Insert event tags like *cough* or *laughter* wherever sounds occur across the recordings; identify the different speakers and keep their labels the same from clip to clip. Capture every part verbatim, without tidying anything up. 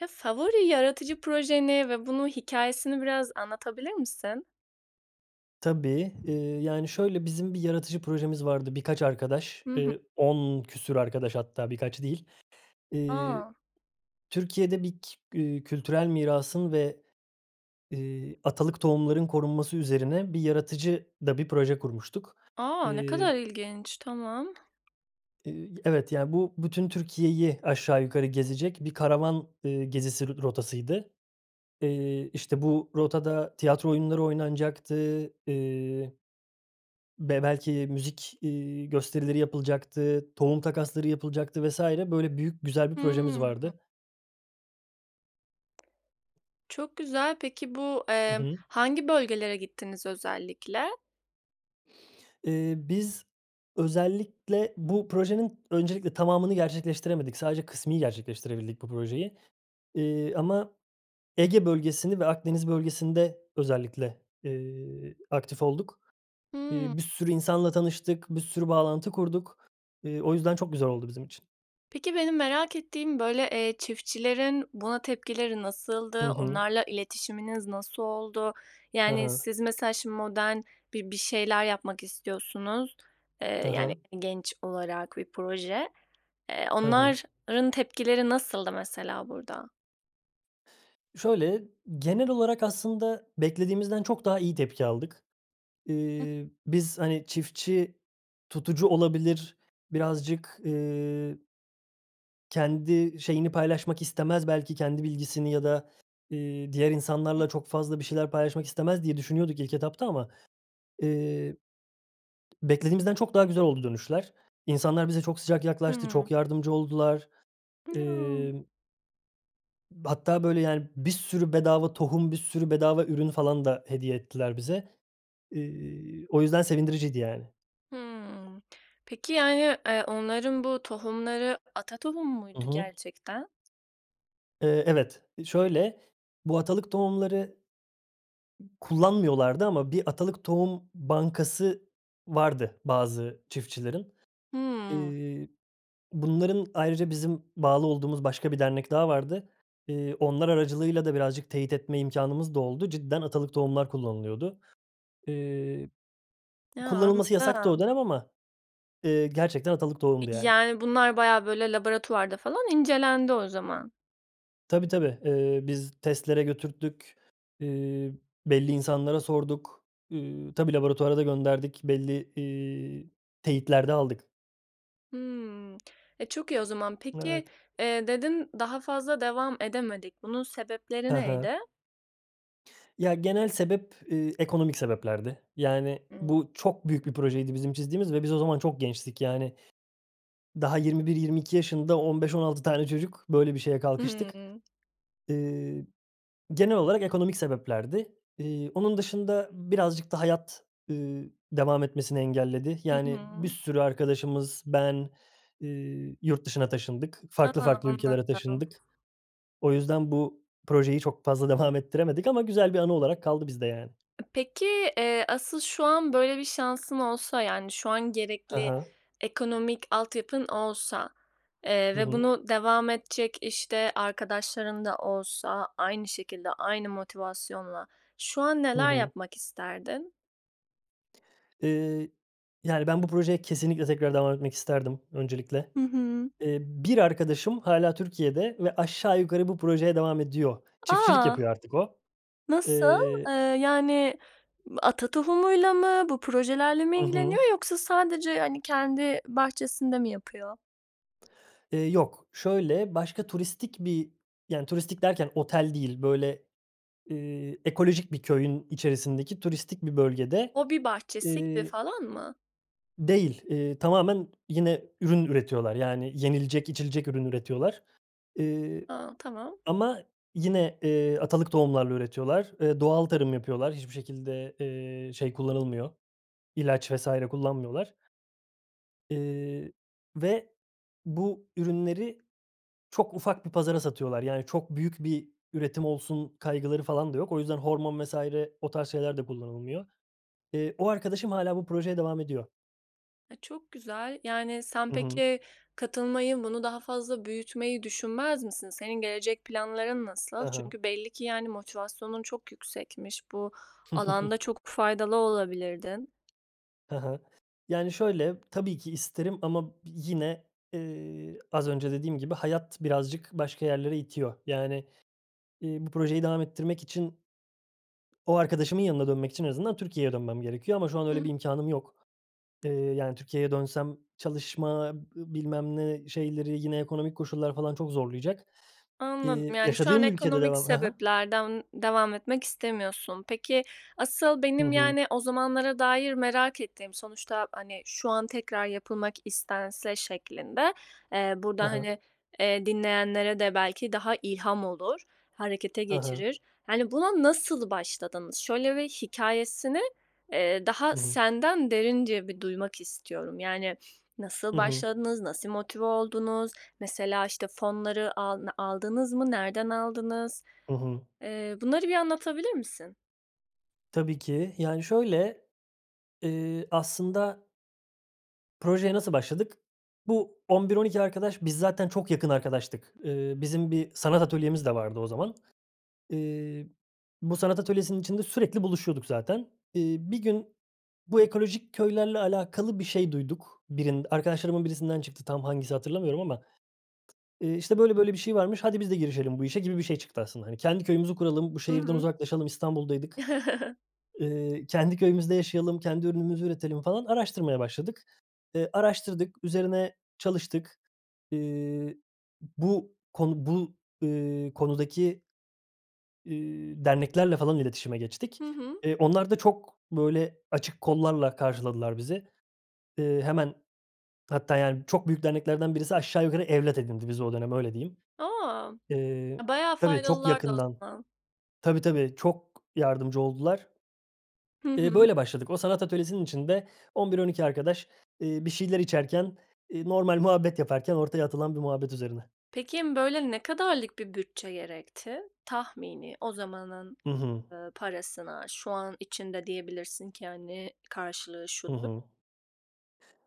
Speaker 1: Ya, favori yaratıcı projeni ve bunu, hikâyesini biraz anlatabilir misin?
Speaker 2: Tabii. Iıı, yani, şöyle bizim bir yaratıcı projemiz vardı. Birkaç arkadaş,
Speaker 1: Hı hı.
Speaker 2: eee, on küsur arkadaş hatta birkaç değil. Eee,
Speaker 1: A!
Speaker 2: Türkiye'de bir k eee, kültürel mirasın ve, eee, atalık tohumların korunması üzerine bir yaratıcı da bir proje kurmuştuk.
Speaker 1: A, ne kadar
Speaker 2: Eee
Speaker 1: ilginç. Tamam.
Speaker 2: Eee, evet, ya, bu bütün Türkiye'yi aşağı yukarı gezecek bir karavan, eee, gezisi r rotasıydı. Eee, işte, bu rotada tiyatro oyunları oynanacaktı, eee, be belki müzik, iii, gösterileri yapılacaktı, tohum takasları yapılacaktı vs. Böyle büyük, güzel bir projemiz
Speaker 1: Hımm.
Speaker 2: vardı.
Speaker 1: Çok güzel peki bu,
Speaker 2: Hı
Speaker 1: eee,
Speaker 2: hı.
Speaker 1: hangi bölgelere gittiniz özellikle?
Speaker 2: Eee, biz özellikle bu projenin öncelikle tamamını gerçekleştiremedik. Sadece kısmi gerçekleştirebildik bu projeyi, eee, ama Ege bölgesini ve Akdeniz bölgesinde özellikle, eee, aktif olduk. Eee,
Speaker 1: Hımm.
Speaker 2: bir sürü insanla tanıştık. Bir sürü bağlantı kurduk. Eee, o yüzden çok güzel oldu bizim için.
Speaker 1: Peki, benim merak ettiğim, böyle, eee, çiftçilerin buna tepkileri
Speaker 2: Hı
Speaker 1: nasıldı?
Speaker 2: hı.
Speaker 1: Onlarla iletişiminiz nasıl oldu?
Speaker 2: Hı
Speaker 1: Yani
Speaker 2: hı.
Speaker 1: siz, mesela, şimdi, modern bir bir şeyler yapmak istiyorsunuz,
Speaker 2: Hı
Speaker 1: eee, yani,
Speaker 2: hı.
Speaker 1: genç olarak bir proje. Eee,
Speaker 2: Hı hı.
Speaker 1: onların tepkileri nasıldı mesela burada?
Speaker 2: Şöyle, genel olarak aslında beklediğimizden çok daha iyi tepki aldık.
Speaker 1: Hıı.
Speaker 2: Eee, biz, hani, çiftçi tutucu olabilir, birazcık eee kendi şeyini paylaşmak istemez. Belki kendi bilgisini ya da, eee, diğer
Speaker 1: Hıı.
Speaker 2: insanlarla çok fazla bir şeyler paylaşmak istemez diye düşünüyorduk ilk etapta ama, eee, beklediğimizden çok daha güzel oldu dönüşler. İnsanlar bize çok sıcak yaklaştı, çok
Speaker 1: Hımm.
Speaker 2: yardımcı oldular.
Speaker 1: Ya!
Speaker 2: Emm hatta böyle, yani, bir sürü bedava tohum, bir sürü bedava ürün falan da hediye ettiler bize. Eee, o yüzden sevindiriciydi, yani.
Speaker 1: Hımm. Peki, yani, eee, onların bu tohumları ata tohumu
Speaker 2: Hı
Speaker 1: muydu,
Speaker 2: hı.
Speaker 1: gerçekten?
Speaker 2: Eee, evet. Eee, şöyle, bu atalık tohumları kullanmıyorlardı ama bir atalık tohum bankası vardı bazı çiftçilerin.
Speaker 1: Hımm.
Speaker 2: Eee, bunların ayrıca bizim bağlı olduğumuz başka bir dernek daha vardı. Eee, onlar aracılığıyla da birazcık teyit etme imkânımız da oldu. Cidden atalık tohumlar kullanılıyordu. Eee,
Speaker 1: Ya!
Speaker 2: kullanılması yasaktı
Speaker 1: Anladım.
Speaker 2: o dönem ama, eee, gerçekten atalık tohumdu,
Speaker 1: İii,
Speaker 2: yani.
Speaker 1: yani, bunlar bayağı, böyle, laboratuvarda falan incelendi o zaman.
Speaker 2: Tabii, tabii, ııı, biz testlere götürttük. Iıı, belli insanlara sorduk. Iıı, tabii, laboratuvara da gönderdik. Belli, iii, teyitler de aldık.
Speaker 1: Hımm. E, çok iyi o zaman. Peki,
Speaker 2: Evet.
Speaker 1: eee, dedin, "Daha fazla devam edemedik." bunun sebepleri
Speaker 2: He he.
Speaker 1: neydi?
Speaker 2: Ya, genel sebep, ııı, ekonomik sebeplerdi. Yani
Speaker 1: *unintelligible*
Speaker 2: bu çok büyük bir projeydi bizim çizdiğimiz ve biz o zaman çok gençtik. Yani daha yirmi bir yirmi iki yaşında, on beş on altı tane çocuk böyle bir şeye
Speaker 1: I
Speaker 2: kalkıştık.
Speaker 1: hı.
Speaker 2: Iıı, genel olarak ekonomik sebeplerdi. İii, onun dışında birazcık da hayat, ııı, devam etmesini engelledi.
Speaker 1: Hı
Speaker 2: Yani bir
Speaker 1: hı.
Speaker 2: sürü arkadaşımız, ben, ııı, yurt dışına taşındık. Farklı
Speaker 1: A!
Speaker 2: farklı ülkelere
Speaker 1: Anladım.
Speaker 2: taşındık. O yüzden bu projeyi çok fazla devam ettiremedik ama güzel bir anı olarak kaldı bizde, yani.
Speaker 1: Peki, eee, asıl şu an böyle bir şansın olsa yani şu an
Speaker 2: He
Speaker 1: gerekli
Speaker 2: he.
Speaker 1: ekonomik altyapın olsa, eee,
Speaker 2: Hı
Speaker 1: ve
Speaker 2: hı.
Speaker 1: bunu devam edecek, işte, arkadaşların da olsa aynı şekilde, aynı motivasyonla şu an
Speaker 2: Hı
Speaker 1: neler
Speaker 2: hı.
Speaker 1: yapmak isterdin?
Speaker 2: Iıı, yani, ben bu projeye kesinlikle tekrar devam etmek isterdim, öncelikle.
Speaker 1: Hı hı.
Speaker 2: Eee, bir arkadaşım hâlâ Türkiye'de ve aşağı yukarı bu projeye devam ediyor. Çiftçilik
Speaker 1: A!
Speaker 2: yapıyor artık o.
Speaker 1: Nasıl?
Speaker 2: Eee
Speaker 1: Eee, yani, ata tohumuyla mı? Bu projelerle mi
Speaker 2: Hı hı.
Speaker 1: ilgileniyor yoksa sadece, hani, kendi bahçesinde mi yapıyor?
Speaker 2: Eee, yok, şöyle, başka turistik bir yani, turistik derken otel değil. Böyle, ııı, ekolojik bir köyün içerisindeki turistik bir bölgede,
Speaker 1: Hobi bahçesi gibi
Speaker 2: ııı
Speaker 1: falan mı?
Speaker 2: Değil. Iıı, tamamen yine ürün üretiyorlar. Yani yenilecek, içilecek ürün üretiyorlar. Iıı,
Speaker 1: A, tamam.
Speaker 2: ama yine, ııı, atalık tohumlarla üretiyorlar. Iıı, doğal tarım yapıyorlar. Hiçbir şekilde, ııı, şey kullanılmıyor, ilaç vs. kullanmıyorlar. Iıı, ve bu ürünleri çok ufak bir pazara satıyorlar. Yani, çok büyük bir üretim olsun kaygıları falan da yok. O yüzden hormon vs. o tarz şeyler de kullanılmıyor. Iıı, o arkadaşım hâlâ bu projeye devam ediyor.
Speaker 1: E, çok güzel. Yani, sen
Speaker 2: Hı hı.
Speaker 1: peki, katılmayı, bunu daha fazla büyütmeyi düşünmez misin? Senin gelecek planların
Speaker 2: Hı
Speaker 1: nasıl?
Speaker 2: hı.
Speaker 1: Çünkü belli ki, yani, motivasyonun çok yüksekmiş. Bu alanda
Speaker 2: *chuckles*
Speaker 1: çok faydalı olabilirdin.
Speaker 2: Hı hı. Yani, şöyle, tabii ki isterim ama bi yine, eee, az önce dediğim gibi, hayat birazcık başka yerlere itiyor. Yani, iii, bu projeyi devam ettirmek için ...o arkadaşımın yanına dönmek için en azından Türkiye'ye dönmem gerekiyor ama şu an
Speaker 1: Hı
Speaker 2: öyle bir imkânım yok. Eee, yani, Türkiye'ye dönsem çalışma ı bilmem ne şeyleri, yine ekonomik koşullar falan çok zorlayacak.
Speaker 1: Anladım.
Speaker 2: İii,
Speaker 1: Yani, şu an
Speaker 2: yaşadığım ülkede
Speaker 1: ekonomik
Speaker 2: devam Ha ha.
Speaker 1: sebeplerden devam etmek istemiyorsun. Peki, asıl
Speaker 2: Hı
Speaker 1: benim,
Speaker 2: hı.
Speaker 1: yani, o zamanlara dair merak ettiğim sonuçta, hani, şu an tekrar yapılmak istense şeklinde Eee, burada,
Speaker 2: Ha ha.
Speaker 1: hani, eee, dinleyenlere de belki daha ilham olur, harekete
Speaker 2: Ha ha.
Speaker 1: geçirir. Hani, buna nasıl başladınız? Şöyle bir hikâyesini, eee, daha
Speaker 2: Hı hı.
Speaker 1: senden derince bir duymak istiyorum. Yani, nasıl
Speaker 2: Hı hı.
Speaker 1: başladınız, nasıl motive oldunuz? Mesela, işte, fonları alna aldınız mı? Nereden aldınız?
Speaker 2: Hı hı.
Speaker 1: Eee, bunları bir anlatabilir misin?
Speaker 2: Tabii ki. Yani, şöyle, eee, aslında Projeye nasıl başladık? Bu on bir on iki arkadaş biz zaten çok yakın arkadaştık. Eee, bizim bir sanat atölyemiz de vardı o zaman. Eee, bu sanat atölyesinin içinde sürekli buluşuyorduk zaten. Eee, bir gün bu ekolojik köylerle alakalı bir şey duyduk. Birin arkadaşlarımın birisinden çıktı tam hangisi hatırlamıyorum ama, eee, işte, böyle, böyle bir şey varmış. Hadi biz de girişelim bu işe gibi bir şey çıktı aslında. Hani, kendi köyümüzü kuralım, bu
Speaker 1: Hı
Speaker 2: şehirden
Speaker 1: hı.
Speaker 2: uzaklaşalım, İstanbul'daydık.
Speaker 1: *chuckles*
Speaker 2: Eee, kendi köyümüzde yaşayalım, kendi ürünümüzü üretelim falan, araştırmaya başladık. Eee, araştırdık, üzerine çalıştık. Eee, bu konu bu, eee, konudaki eee, derneklerle falan iletişime geçtik.
Speaker 1: Hı hı.
Speaker 2: Eee, onlar da çok, böyle, açık kollarla karşıladılar bizi. Eee, hemen Hatta, yani, çok büyük derneklerden birisi aşağı yukarı evlat edindi bizi o dönem. Öyle diyeyim.
Speaker 1: A!
Speaker 2: Eee,
Speaker 1: E, bayağı
Speaker 2: tabii, çok
Speaker 1: faydalılardı o
Speaker 2: yakından.
Speaker 1: zaman.
Speaker 2: Tabii, tabii, çok yardımcı oldular. *swallows*
Speaker 1: Hı
Speaker 2: Eee,
Speaker 1: hı.
Speaker 2: böyle başladık. O sanat atölyesinin içinde on bir on iki arkadaş, eee, bir şeyler içerken, eee, normal muhabbet yaparken ortaya atılan bir muhabbet üzerine.
Speaker 1: Peki, böyle, ne kadarlık bir bütçe gerekti? Tahmini, o zamanın,
Speaker 2: Hı hı.
Speaker 1: eee, parasına, şu an içinde diyebilirsin ki, hani, karşılığı
Speaker 2: Hı
Speaker 1: şudur.
Speaker 2: hı.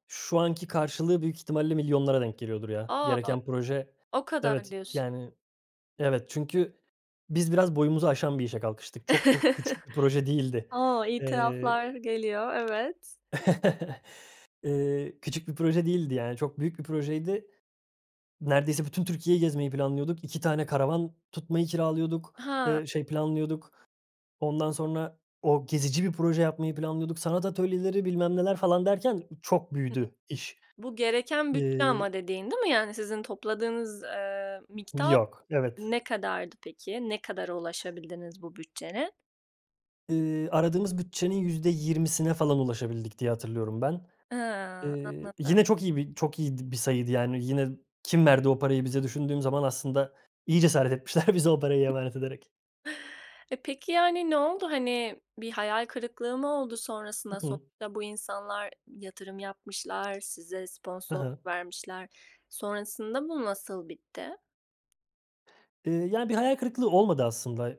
Speaker 2: Şu anki karşılığı büyük ihtimalle milyonlara denk geliyordur, ya.
Speaker 1: A!
Speaker 2: Gereken proje
Speaker 1: O kadar,
Speaker 2: Evet,
Speaker 1: diyorsun.
Speaker 2: yani, evet, çünkü biz biraz boyumuzu aşan bir işe kalkıştık. Çok ko küçük bir proje
Speaker 1: *chuckles*
Speaker 2: değildi.
Speaker 1: O!
Speaker 2: Eee
Speaker 1: İtiraflar geliyor, evet.
Speaker 2: *chuckles* Eee, küçük bir proje değildi, yani, çok büyük bir projeydi. Neredeyse bütün Türkiye'yi gezmeyi planlıyorduk, iki tane karavan tutmayı kiralıyorduk.
Speaker 1: Ha.
Speaker 2: Eee, şey, planlıyorduk. Ondan sonra o, gezici bir proje yapmayı planlıyorduk. Sanat atölyeleri, bilmem neler falan derken çok
Speaker 1: Hı.
Speaker 2: büyüdü iş.
Speaker 1: Bu gereken bütçe
Speaker 2: Eee
Speaker 1: ama dediğin, değil mi, yani, sizin topladığınız, eee, miktar
Speaker 2: Yok, evet.
Speaker 1: ne kadardı peki? Ne kadara ulaşabildiniz bu bütçenin?
Speaker 2: Iıı, "aradığımız bütçenin yüzde yirmisine falan ulaşabildik" diye, hatırlıyorum ben.
Speaker 1: Iıı,
Speaker 2: Iıı,
Speaker 1: anladım.
Speaker 2: yine çok iyi bir çok iyiydi bir sayıydı, yani, "yine kim verdi o parayı bize?" düşündüğüm zaman aslında iyi cesaret etmişler bize o parayı emanet ederek.
Speaker 1: E, peki, yani, ne oldu, hani, bir hayal kırıklığı mı oldu
Speaker 2: Hı
Speaker 1: sonrasında?
Speaker 2: hı.
Speaker 1: Sonuçta bu insanlar yatırım yapmışlar, size
Speaker 2: Hı hı.
Speaker 1: sponsorluk vermişler. Sonrasında bu nasıl bitti?
Speaker 2: Iıı, ya, bir hayal kırıklığı olmadı aslında.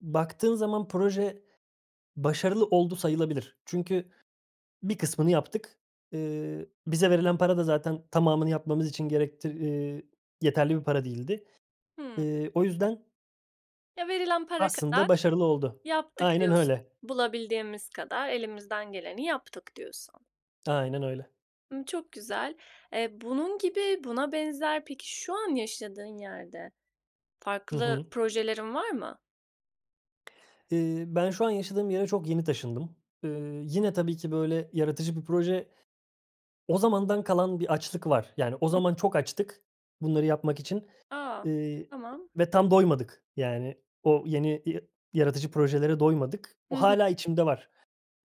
Speaker 2: Baktığın zaman proje başarılı oldu sayılabilir. Çünkü bir kısmını yaptık. Iıı, bize verilen para da zaten tamamını yapmamız için gerektir ııı, yeterli bir para değildi.
Speaker 1: Hıı.
Speaker 2: Iıı, o yüzden
Speaker 1: Ya, "Verilen para kadar
Speaker 2: aslında başarılı oldu.
Speaker 1: yaptık."
Speaker 2: Aynen
Speaker 1: diyorsun.
Speaker 2: öyle.
Speaker 1: "Bulabildiğimiz kadar elimizden geleni yaptık." diyorsun.
Speaker 2: Aynen öyle.
Speaker 1: Imm, çok güzel. Eee, bunun gibi buna benzer, peki, şu an yaşadığın yerde
Speaker 2: Hı
Speaker 1: farklı
Speaker 2: hı.
Speaker 1: projelerin var mı?
Speaker 2: Iıı, ben şu an yaşadığım yere çok yeni taşındım. Iıı, yine tabii ki böyle yaratıcı bir proje O zamandan kalan bir açlık var. Yani, o zaman çok açtık bunları yapmak için,
Speaker 1: A!
Speaker 2: ııı,
Speaker 1: Tamam.
Speaker 2: ve tam doymadık. Yani, o yeni ya yaratıcı projelere doymadık. O
Speaker 1: Hı hı.
Speaker 2: hâlâ içimde var.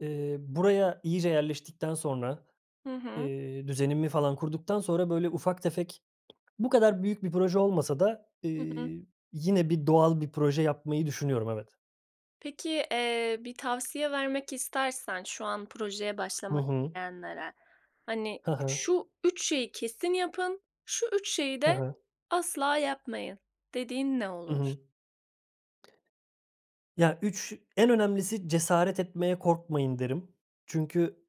Speaker 2: Iıı, buraya iyice yerleştikten sonra,
Speaker 1: Hı hı.
Speaker 2: eee, düzenimi falan kurduktan sonra, böyle, ufak tefek bu kadar büyük bir proje olmasa da,
Speaker 1: Hı hı.
Speaker 2: ııı, yine bir doğal bir proje yapmayı düşünüyorum, evet.
Speaker 1: Peki, eee, bir tavsiye vermek istersen şu an projeye
Speaker 2: Hı
Speaker 1: başlamak
Speaker 2: hı.
Speaker 1: isteyenlere, hani,
Speaker 2: Hı hı.
Speaker 1: şu üç şeyi kesin yapın, şu üç şeyi
Speaker 2: Hı
Speaker 1: de
Speaker 2: hı.
Speaker 1: asla yapmayın dediğin ne
Speaker 2: Hı
Speaker 1: olur?
Speaker 2: hı. Ya, üç en önemlisi cesaret etmeye korkmayın derim. Çünkü,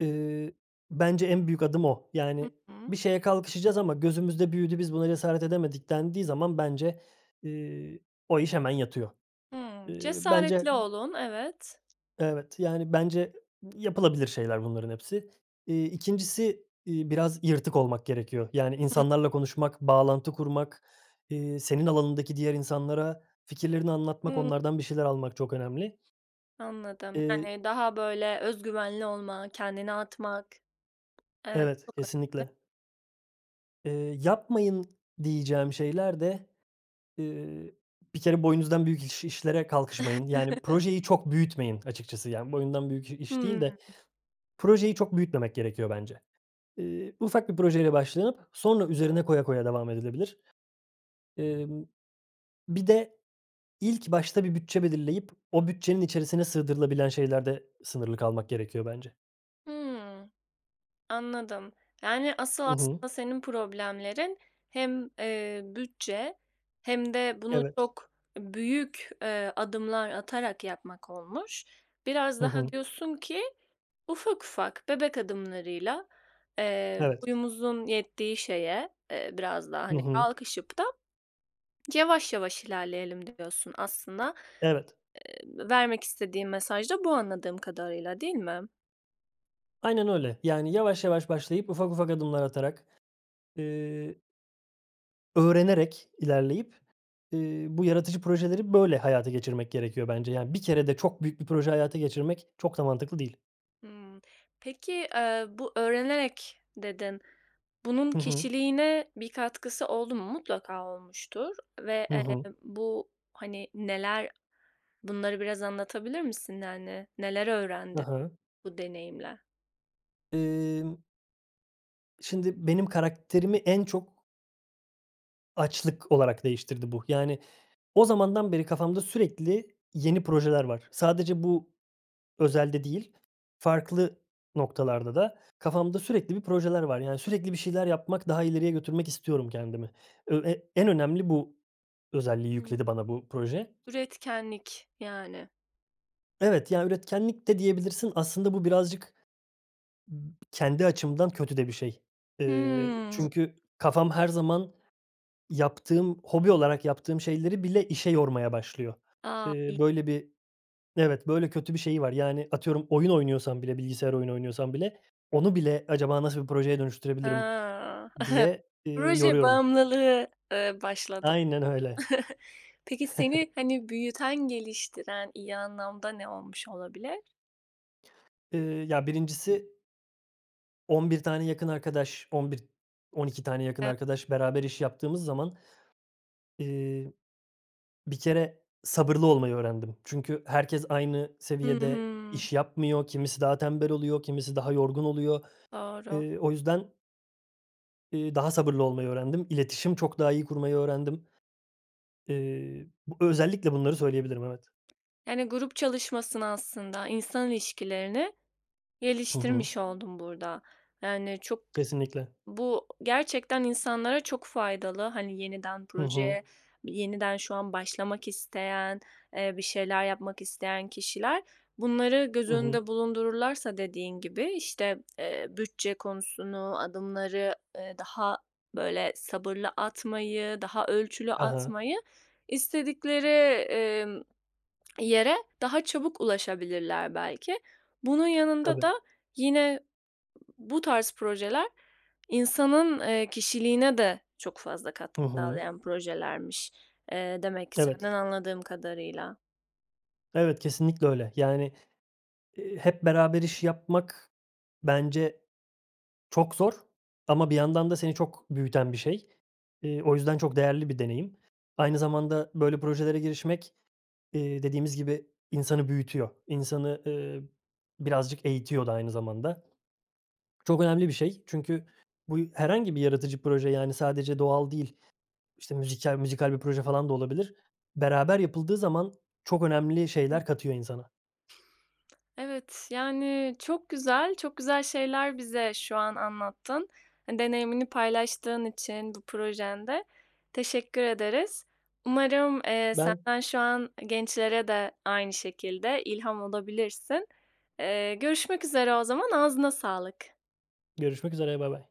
Speaker 2: eee, bence en büyük adım o.
Speaker 1: Hı
Speaker 2: Yani, bir
Speaker 1: hı.
Speaker 2: şeye kalkışacağız ama gözümüzde büyüdü, biz buna cesaret edemedik dendiği zaman bence, iii, o iş hemen yatıyor.
Speaker 1: Hımm.
Speaker 2: Eee, bence
Speaker 1: Cesaretli olun, evet.
Speaker 2: Evet, yani, bence yapılabilir şeyler bunların hepsi. İii, ikincisi iii, biraz yırtık olmak gerekiyor. Yani, insanlarla konuşmak, bağlantı kurmak, iii, senin alanındaki diğer insanlara fikirlerini anlatmak,
Speaker 1: Hımm.
Speaker 2: onlardan bir şeyler almak çok önemli.
Speaker 1: Anladım.
Speaker 2: Eee
Speaker 1: Yani, daha, böyle, özgüvenli olma, kendini atmak evet,
Speaker 2: Evet,
Speaker 1: çok önemli.
Speaker 2: kesinlikle. Eee, yapmayın diyeceğim şeyler de, eee, bir kere boyunuzdan büyük iş işlere kalkışmayın. Yani,
Speaker 1: *chuckles*
Speaker 2: projeyi çok büyütmeyin açıkçası, yani, boyundan büyük iş değil
Speaker 1: Hımm.
Speaker 2: de projeyi çok büyütmemek gerekiyor bence. Eee, ufak bir projeyle başlanıp sonra üzerine koya koya devam edilebilir. Emm, bir de ilk başta bir bütçe belirleyip o bütçenin içerisine sığdırılabilen şeylerde sınırlı kalmak gerekiyor bence.
Speaker 1: Hımm. Anladım. Yani, asıl
Speaker 2: Hı hı.
Speaker 1: aslında senin problemlerin hem, eee, bütçe hem de bunu
Speaker 2: Evet.
Speaker 1: çok büyük, eee, adımlar atarak yapmak olmuş. Biraz
Speaker 2: Hı
Speaker 1: daha
Speaker 2: hı.
Speaker 1: diyorsun ki ufak ufak bebek adımlarıyla, eee,
Speaker 2: Evet.
Speaker 1: boyumuzun yettiği şeye, eee, biraz da,
Speaker 2: Hı
Speaker 1: hani,
Speaker 2: hı.
Speaker 1: kalkışıp da *swallows* yavaş yavaş ilerleyelim diyorsun aslında.
Speaker 2: Evet.
Speaker 1: Eee, vermek istediğim mesaj da bu, anladığım kadarıyla, değil mi?
Speaker 2: Aynen öyle. Yani, yavaş yavaş başlayıp ufak ufak adımlar atarak, eee öğrenerek ilerleyip, eee, bu yaratıcı projeleri böyle hayata geçirmek gerekiyor bence. Yani, bir kerede çok büyük bir proje hayata geçirmek çok da mantıklı değil.
Speaker 1: Hımm. Peki, eee, bu, öğrenerek dedin. Bunun
Speaker 2: Hı hı.
Speaker 1: kişiliğine bir katkısı oldu mu? Mutlaka olmuştur ve,
Speaker 2: Hı hı.
Speaker 1: eee, bu, hani, neler? Bunları biraz anlatabilir misin? Yani, neler
Speaker 2: Hı
Speaker 1: öğrendin
Speaker 2: hı.
Speaker 1: bu deneyimle?
Speaker 2: Emm. Şimdi benim karakterimi en çok açlık olarak değiştirdi bu. Yani, o zamandan beri kafamda sürekli yeni projeler var. Sadece bu özelde değil, farklı noktalarda da kafamda sürekli bir projeler var. Yani, sürekli bir şeyler yapmak, daha ileriye götürmek istiyorum kendimi. Ö e en önemli bu özelliği
Speaker 1: Hıı.
Speaker 2: yükledi bana bu proje.
Speaker 1: Üretkenlik, yani.
Speaker 2: Evet. Ya, üretkenlik de diyebilirsin. Aslında bu birazcık b kendi açımdan kötü de bir şey. Eee,
Speaker 1: Hımm.
Speaker 2: çünkü kafam her zaman yaptığım, hobi olarak yaptığım şeyleri bile işe yormaya başlıyor.
Speaker 1: A!
Speaker 2: Eee,
Speaker 1: İyi.
Speaker 2: böyle bir Evet, böyle kötü bir şeyi var. Yani, atıyorum, oyun oynuyorsam bile, bilgisayar oyunu oynuyorsam bile, onu bile acaba nasıl bir projeye dönüştürebilirim
Speaker 1: Hıı. *chuckles*
Speaker 2: diye, eee,
Speaker 1: Proje
Speaker 2: yoruyorum.
Speaker 1: bağımlılığı, eee, başladı.
Speaker 2: Aynen öyle.
Speaker 1: *chuckles* Peki seni,
Speaker 2: *chuckles*
Speaker 1: hani, büyüten, geliştiren iyi anlamda ne olmuş olabilir?
Speaker 2: Iıı, ya, birincisi on bir tane yakın arkadaş, on bir on iki tane yakın
Speaker 1: E
Speaker 2: arkadaş beraber iş yaptığımız zaman, eee, bir kere sabırlı olmayı öğrendim. Çünkü herkes aynı
Speaker 1: Hı
Speaker 2: seviyede
Speaker 1: hı.
Speaker 2: iş yapmıyor. Kimisi daha tembel oluyor, kimisi daha yorgun oluyor.
Speaker 1: Doğru.
Speaker 2: Eee, o yüzden iii, daha sabırlı olmayı öğrendim. İletişim çok daha iyi kurmayı öğrendim. Eee, b özellikle bunları söyleyebilirim, evet.
Speaker 1: Yani, grup çalışmasını, aslında insan ilişkilerini
Speaker 2: Hı hı.
Speaker 1: geliştirmiş oldun burada. Yani, çok
Speaker 2: Kesinlikle.
Speaker 1: bu, gerçekten insanlara çok faydalı. Hani, yeniden
Speaker 2: Hı
Speaker 1: projeye
Speaker 2: hı.
Speaker 1: yeniden şu an başlamak isteyen, eee, bir şeyler yapmak isteyen kişiler, bunları göz
Speaker 2: Hı hı.
Speaker 1: önünde bulundururlarsa dediğin gibi işte, eee, bütçe konusunu, adımları, eee, daha, böyle, sabırlı atmayı, daha ölçülü
Speaker 2: He he.
Speaker 1: atmayı, istedikleri, emm, *smacks lips* yere daha çabuk ulaşabilirler belki. Bunun yanında
Speaker 2: Tabii.
Speaker 1: da yine bu tarz projeler insanın, eee, kişiliğine de çok fazla
Speaker 2: Hı
Speaker 1: katkı
Speaker 2: hı.
Speaker 1: sağlayan projelermiş, eee, demek ki
Speaker 2: Evet.
Speaker 1: senden anladığım kadarıyla.
Speaker 2: Evet, kesinlikle öyle. Yani, eee, hep beraber iş yapmak, bence çok zor ama bir yandan da seni çok büyüten bir şey. Eee, o yüzden çok değerli bir deneyim. Aynı zamanda böyle projelere girişmek, iii, dediğimiz gibi insanı büyütüyor, insanı, ııı, birazcık eğitiyor da aynı zamanda. Çok önemli bir şey çünkü bu herhangi bir yaratıcı proje, yani, sadece doğal değil, işte, müzikal müzikal bir proje falan da olabilir. Beraber yapıldığı zaman çok önemli
Speaker 1: Hı.
Speaker 2: şeyler katıyor insana.
Speaker 1: Evet. Yani, çok güzel, çok güzel şeyler bize şu an anlattın. Hani, deneyimini paylaştığın için bu projende teşekkür ederiz. Umarım, eee,
Speaker 2: Ben
Speaker 1: sen şu an gençlere de aynı şekilde ilham olabilirsin. Eee, görüşmek üzere o zaman, ağzına sağlık.
Speaker 2: Görüşmek üzere. Baybay.